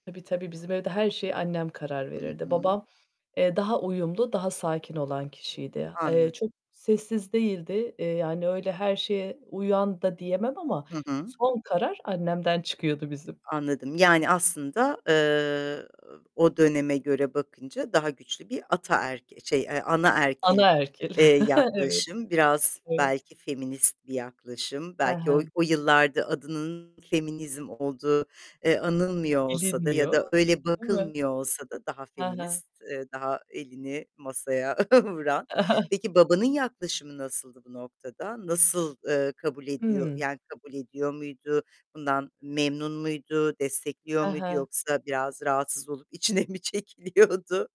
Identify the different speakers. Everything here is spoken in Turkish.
Speaker 1: Tabii tabii. Bizim evde her şeye annem karar
Speaker 2: Hı
Speaker 1: verirdi.
Speaker 2: hı.
Speaker 1: Babam, eee, daha uyumlu, daha sakin olan kişiydi. Eee,
Speaker 2: Anladım.
Speaker 1: çok sessiz değildi. Eee, yani, öyle, her şeye uyan da diyemem ama
Speaker 2: Hı hı.
Speaker 1: son karar annemden çıkıyordu bizim.
Speaker 2: Anladım. Yani, aslında, eee, o döneme göre bakınca daha güçlü bir ataerk şey, eee, anaerkil,
Speaker 1: Anaerkil.
Speaker 2: eee,
Speaker 1: Evet.
Speaker 2: yaklaşım, biraz
Speaker 1: Evet.
Speaker 2: belki feminist bir yaklaşım,
Speaker 1: Hı
Speaker 2: belki o
Speaker 1: hı.
Speaker 2: o yıllarda adının feminizm olduğu, eee, anılmıyor olsa da ya
Speaker 1: Bilinmiyor,
Speaker 2: da öyle
Speaker 1: değil mi?
Speaker 2: bakılmıyor olsa da daha
Speaker 1: Hı hı.
Speaker 2: feminist, eee, daha elini masaya vuran. Peki, babanın yaklaşımı nasıldı bu noktada? Nasıl, ııı, kabul ediyor
Speaker 1: Hıı.
Speaker 2: yani, kabul ediyor muydu? Bundan memnun muydu? Destekliyor
Speaker 1: Hı
Speaker 2: muydu
Speaker 1: hı.
Speaker 2: yoksa biraz rahatsız olup içine mi çekiliyordu?